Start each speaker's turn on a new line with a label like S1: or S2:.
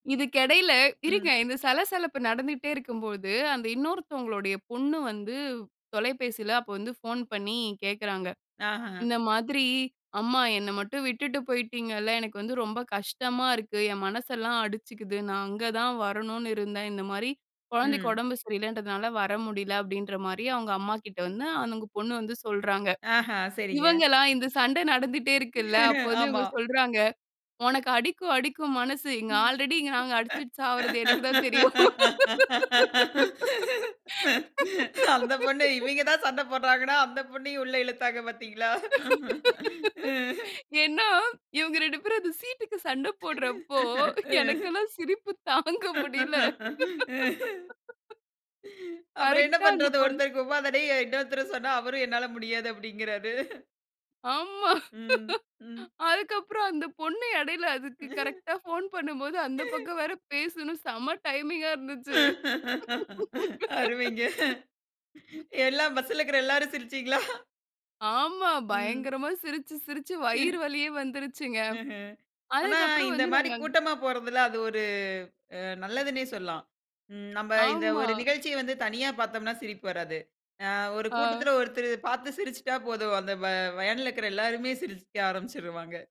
S1: இதுக்கு எடையில
S2: ம்.
S1: இருங்க இந்த சலசலப்பு நடந்துகிட்டே இருக்கம்போது, அந்த இன்னொருத்தவங்களுடைய பொண்ணு வந்து தொலைபேசியில் அப்போ வந்து ஃபோன் பண்ணி கேட்குறாங்க,
S2: ஆஹ.
S1: "இந்த மாதிரி, அம்மா என்ன மட்டும் விட்டுட்டு போயிட்டிங்கல்ல. எனக்கு வந்து ரொம்ப கஷ்டமா இருக்கு. என் மனசெல்லாம் அடிச்சிக்குது. நான் அங்க தான் வரணுனு இருந்தேன். இந்த மாரி கொழந்தைக்கு
S2: ம்.
S1: உடம்பு சரியில்லன்றதுனால வர முடியல." அப்டின்ற மாரி அவங்க அம்மாகிட்ட வந்து அந்த பொண்ணு வந்து சொல்றாங்க.
S2: ஆஹ, சரிங்க.
S1: இவங்களா இந்த சண்ட நடந்துட்டே இருக்கில்ல, அப்போ வந்து
S2: ஆமா.
S1: இவுங்க சொல்றாங்க. "உனக்கு அடிக்கும் அடிக்கும் மனசு. இங்க ஆல்ரெடி நாங்க அடிச்சிட்டு சாவுரது எனக்கு தான் தெரியும்." m
S2: அந்த பொண்ணு இவைங்க தான் சண்ட போடுறாங்கனா அந்த பொண்ணையும் உள்ள இழுத்தாங்க பாத்தீங்களா, ம்.
S1: ஏன்னா, இவங்க 2 பேரும் அந்த சீட்டுக்கு சண்ட போடுறப்போ எனக்குன்னா சிரிப்பு தாங்க முடியல.
S2: அப்புறம் என்ன
S1: கரெக்ட்டா அந்த
S2: பண்ணுறது
S1: பொண்ணு
S2: ஒருத்தங்கு [unintelligible] இன்னொருத்தர சொன்னா அவரும் "என்னால முடியாது" அப்படிங்கிறாரு.
S1: ஆமா.
S2: ம், ம்.
S1: அதுக்கப்புறம் அந்த பொண்ணு எடைல அதுக்கு கரெக்ட்டா ஃபோன் பண்ணம்போது, அந்த பக்கம் வேற பேசணும் செம டைமிங்கா இருந்துச்சு.
S2: அருமைங்க. எல்லாம் பஸ்ல் இருக்ற எல்லாரும் சிருச்சிங்களா?
S1: ஆமா
S2: ம்.
S1: பயங்கரமாக சிரிச்சு சிரிச்சு வயிறு வலியே வந்துருச்சிங்க.
S2: ம்ஹ்ம். ஆனா
S1: அதுக்கு அப்புறம்
S2: இந்த
S1: வந்து
S2: மாரி
S1: நாங்க
S2: கூட்டமா போறதுல அது ஒரு அ நல்லதுன்னே சொல்லலாம். ம் நம்ப இந்த
S1: ஆமா.
S2: ஒரு நிகழ்ச்சி வந்து தனியா பாத்தோம்ன்னா சிரிப்பு வராது. அ ஒரு
S1: ஆ.
S2: கூட்டத்தில ஒருத்தரு பார்த்து சிரிச்சிட்டா போதும் அந்த வ வேன்ல இருக்கிற எல்லாருமே சிரிக்க ஆரம்பிச்சிருவாங்க